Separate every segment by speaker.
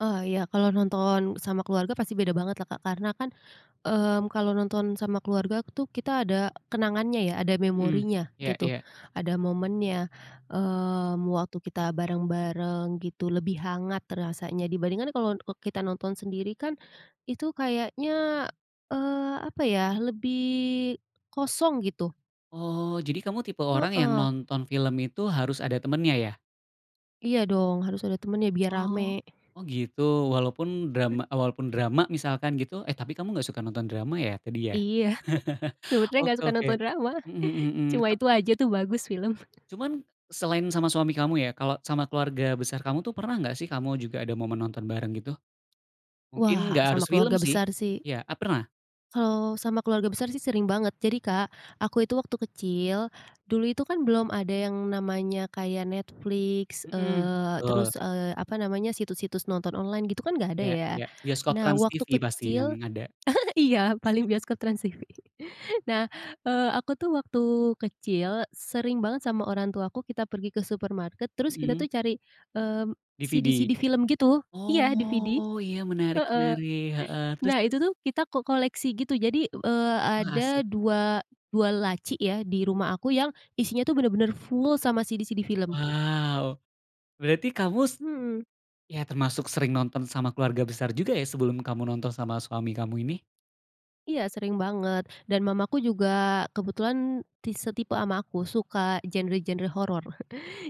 Speaker 1: Oh, ya, kalau nonton sama keluarga pasti beda banget lah, Kak, karena kan, eee, kalau nonton sama keluarga tuh, kita ada kenangannya ya, ada
Speaker 2: Mhm.
Speaker 1: memorinya
Speaker 2: Iya
Speaker 1: gitu,
Speaker 2: iya.
Speaker 1: ada momennya, eee, waktu kita bareng-bareng, gitu, lebih hangat rasanya dibandingkan kalau e kita nonton sendiri, kan. Itu kayaknya, eee, apa ya, lebih kosong, gitu.
Speaker 2: Oh, jadi kamu tipe orang yang
Speaker 1: Heeh.
Speaker 2: nonton film itu harus ada temennya, ya?
Speaker 1: Iya, dong, harus ada temennya biar
Speaker 2: Oh.
Speaker 1: rame.
Speaker 2: Oh, gitu, walaupun drama walaupun drama misalkan, gitu eh, tapi kamu nggak suka nonton drama ya, tadi, ya?
Speaker 1: Iya, sebenernya nggak
Speaker 2: Oke
Speaker 1: suka
Speaker 2: oke.
Speaker 1: nonton drama,
Speaker 2: Mhm mhm mhm.
Speaker 1: cuma
Speaker 2: Tap
Speaker 1: itu aja tuh, bagus film.
Speaker 2: Cuman selain sama suami kamu, ya. Kalo sama keluarga besar kamu tuh, pernah nggak sih kamu juga ada momen nonton bareng, gitu? Mungkin
Speaker 1: Wah,
Speaker 2: nggak
Speaker 1: sama
Speaker 2: harus film,
Speaker 1: keluarga
Speaker 2: sih.
Speaker 1: besar, sih.
Speaker 2: Ya, a pernah?
Speaker 1: Kalau sama keluarga besar sih, sering banget. Jadi, Kak, aku itu waktu kecil, dulu itu kan belum ada yang namanya kayak Netflix,
Speaker 2: Mhm,
Speaker 1: eee,
Speaker 2: betul.
Speaker 1: terus, eee, apa namanya, situs-situs nonton online gitu kan, nggak ada,
Speaker 2: Ya
Speaker 1: ya.
Speaker 2: ya, bioskop
Speaker 1: Nah, waktu
Speaker 2: TransTV pasti
Speaker 1: kecil
Speaker 2: yang ada.
Speaker 1: iya, paling bioskop TransTV. Eee, aku tuh waktu kecil sering banget sama orang tuaku kita pergi ke supermarket, terus kita
Speaker 2: Mhm.
Speaker 1: tuh cari, eee,
Speaker 2: DVD.
Speaker 1: CD-CD film gitu, iya, DVD,
Speaker 2: Oh, ya, menarik
Speaker 1: heeh.
Speaker 2: menarik, heeh, terus
Speaker 1: Nah,
Speaker 2: terus?
Speaker 1: itu tuh, kita ko koleksi gitu, jadi, eee,
Speaker 2: Wah,
Speaker 1: ada
Speaker 2: asik.
Speaker 1: dua dua laci ya, di
Speaker 2: Mhm?
Speaker 1: rumah aku yang isinya itu benar-benar full sama CD-CD film.
Speaker 2: Wow, berarti kamu s
Speaker 1: Mhm.
Speaker 2: ya termasuk sering nonton sama keluarga besar juga ya, sebelum kamu nonton sama suami kamu ini?
Speaker 1: Iya, sering banget, dan mamaku juga kebetulan ti setipe ama aku, suka genre-genre horor.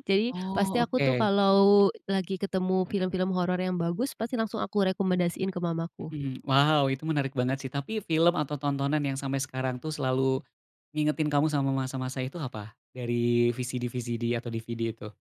Speaker 1: Jadi pasti
Speaker 2: Oh,
Speaker 1: aku tuh
Speaker 2: oke.
Speaker 1: kalau lagi ketemu film-film horor yang bagus, pasti langsung aku rekomendasiin ke mamaku.
Speaker 2: Mhm, wow, itu menarik banget, sih. Tapi film atau tontonan yang sampai sekarang tuh, selalu ngingetin kamu sama masa-masa itu, apa, dari VCD-VCD atau DVD itu?